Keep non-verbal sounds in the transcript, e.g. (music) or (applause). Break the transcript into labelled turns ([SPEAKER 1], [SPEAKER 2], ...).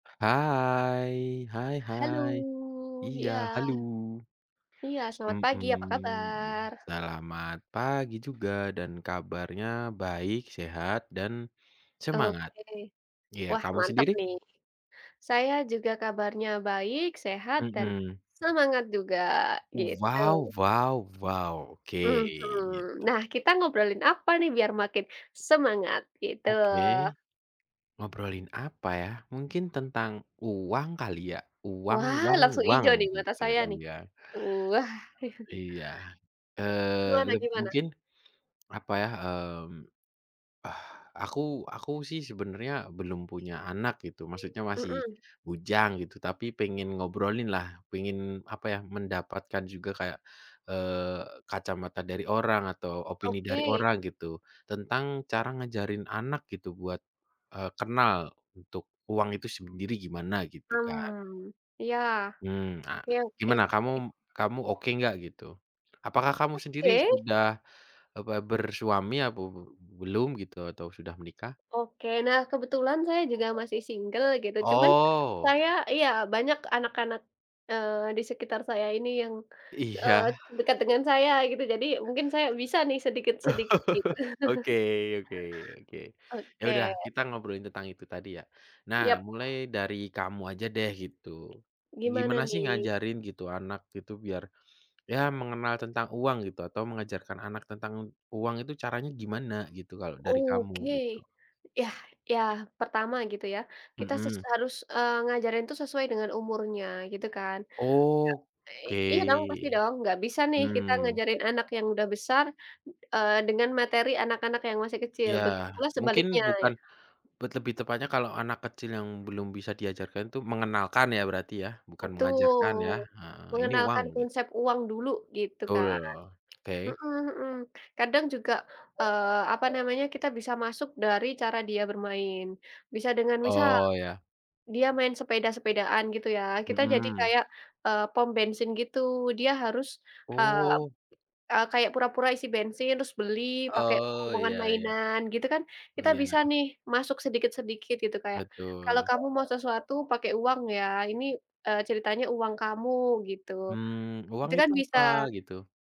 [SPEAKER 1] Hai, hai
[SPEAKER 2] Halo,
[SPEAKER 1] hai, iya,
[SPEAKER 2] iya.
[SPEAKER 1] haluw.
[SPEAKER 2] Iya selamat pagi, apa
[SPEAKER 1] Mmm,
[SPEAKER 2] kabar?
[SPEAKER 1] selamat pagi juga dan kabarnya baik, sehat, dan semangat.
[SPEAKER 2] Oke,
[SPEAKER 1] Ya,
[SPEAKER 2] wah
[SPEAKER 1] kamu
[SPEAKER 2] mantap
[SPEAKER 1] sendiri?
[SPEAKER 2] nih, saya juga kabarnya baik, sehat, dan
[SPEAKER 1] Mhm.
[SPEAKER 2] semangat juga! Gitu.
[SPEAKER 1] Uwaw waw waw. Oke,
[SPEAKER 2] Mhm,
[SPEAKER 1] gitu.
[SPEAKER 2] nah kita ngobrolin apa nih? Biar makin semangat, gitu.
[SPEAKER 1] Oke. Ngobrolin apa ya, mungkin tentang uang kali ya. Uang
[SPEAKER 2] Wah,
[SPEAKER 1] uang
[SPEAKER 2] langsung
[SPEAKER 1] uang,
[SPEAKER 2] ijo nih mata
[SPEAKER 1] gitu,
[SPEAKER 2] saya nih.
[SPEAKER 1] iya.
[SPEAKER 2] Uwah. (chuckles)
[SPEAKER 1] Iya, eee,
[SPEAKER 2] Gimana
[SPEAKER 1] leb
[SPEAKER 2] gimana?
[SPEAKER 1] mungkin, apa ya, mmm, ah aku, aku sih sebenarnya belum punya anak gitu, maksudnya masih
[SPEAKER 2] Mmm.
[SPEAKER 1] bujang gitu, tapi pengen ngobrolin lah, pengin apa ya, mendapatkan juga kayak, eee, kacamata dari orang atau opini dari
[SPEAKER 2] Oke.
[SPEAKER 1] orang gitu. Tentang cara ngajarin anak gitu buat, eee, kenal untuk uang itu sendiri gimana gitu kan.
[SPEAKER 2] Mmm, iya.
[SPEAKER 1] Mmm, ah,
[SPEAKER 2] Iya oke
[SPEAKER 1] gimana
[SPEAKER 2] oke.
[SPEAKER 1] kamu kamu oke nggak gitu, apakah kamu sendiri
[SPEAKER 2] Oke.
[SPEAKER 1] sudah, apa bersuami apa be belum gitu, atau sudah menikah?
[SPEAKER 2] Oke, nah kebetulan saya juga masih single gitu cuman,
[SPEAKER 1] Oh.
[SPEAKER 2] saya iya banyak anak-anak, eee, di sekitar saya ini yang, eee,
[SPEAKER 1] Iya.
[SPEAKER 2] dekat dengan saya gitu, jadi mungkin saya bisa nih sedikit sedikit gitu.
[SPEAKER 1] (chuckles) Oke oke oke. Ya udah,
[SPEAKER 2] Oke.
[SPEAKER 1] kita ngobrolin tentang itu tadi ya. Nah
[SPEAKER 2] Yap.
[SPEAKER 1] mulai dari kamu aja deh, gitu.
[SPEAKER 2] Gimana
[SPEAKER 1] Gimana sih
[SPEAKER 2] nih?
[SPEAKER 1] ngajarin gitu, anak gitu biar ya mengenal tentang uang gitu, atau mengajarkan anak tentang uang itu caranya gimana gitu, kalau dari kamu
[SPEAKER 2] Oke,
[SPEAKER 1] gitu.
[SPEAKER 2] yah ya pertama gitu ya, kita ses
[SPEAKER 1] Hmm.
[SPEAKER 2] harus, eee, ngajarin tuh sesuai dengan umurnya, gitu kan. iya dong, pasti
[SPEAKER 1] Oke.
[SPEAKER 2] dong, nggak bisa nih kita
[SPEAKER 1] Hmm.
[SPEAKER 2] ngajarin anak yang dah besar, eee, dengan materi anak-anak yang masih kecil
[SPEAKER 1] Iya,
[SPEAKER 2] begitu pula
[SPEAKER 1] mungkin
[SPEAKER 2] sebaliknya.
[SPEAKER 1] bukan lebih tepatnya kalau anak kecil yang belum bisa diajarkan itum mengenalkan ya berarti ya, bukan mengajarkan ya,
[SPEAKER 2] Betul,
[SPEAKER 1] heeh, ini uang
[SPEAKER 2] mengenalkan
[SPEAKER 1] get
[SPEAKER 2] konsep uang dulu, gitu
[SPEAKER 1] Tul
[SPEAKER 2] kan.
[SPEAKER 1] (clicks tongue) oke.
[SPEAKER 2] Hmm hmm kadang juga, eee, apa namanya, kita bisa masuk dari cara dia bermain. Bisa dengan misal,
[SPEAKER 1] Oh, ya.
[SPEAKER 2] dia main sepeda-sepedaan gitu ya, kita jadi
[SPEAKER 1] Mmm.
[SPEAKER 2] kayak e pom bensin gitu dia harus, ah,
[SPEAKER 1] Oh.
[SPEAKER 2] e kayak pura pura isi bensin terus beli pakai
[SPEAKER 1] Oh
[SPEAKER 2] uangan
[SPEAKER 1] ya ya.
[SPEAKER 2] mainan gitu kan.
[SPEAKER 1] Oh
[SPEAKER 2] Kita bisa
[SPEAKER 1] ya.
[SPEAKER 2] nih, masuk sedikit sedikit gitu kayak, kalau
[SPEAKER 1] Betul.
[SPEAKER 2] kamu mau sesuatu pakai uang ya, ini, e ceritanya uang kamu gitu,
[SPEAKER 1] Mmm, uang
[SPEAKER 2] itu kan
[SPEAKER 1] itu apa,
[SPEAKER 2] bisa.
[SPEAKER 1] gitu.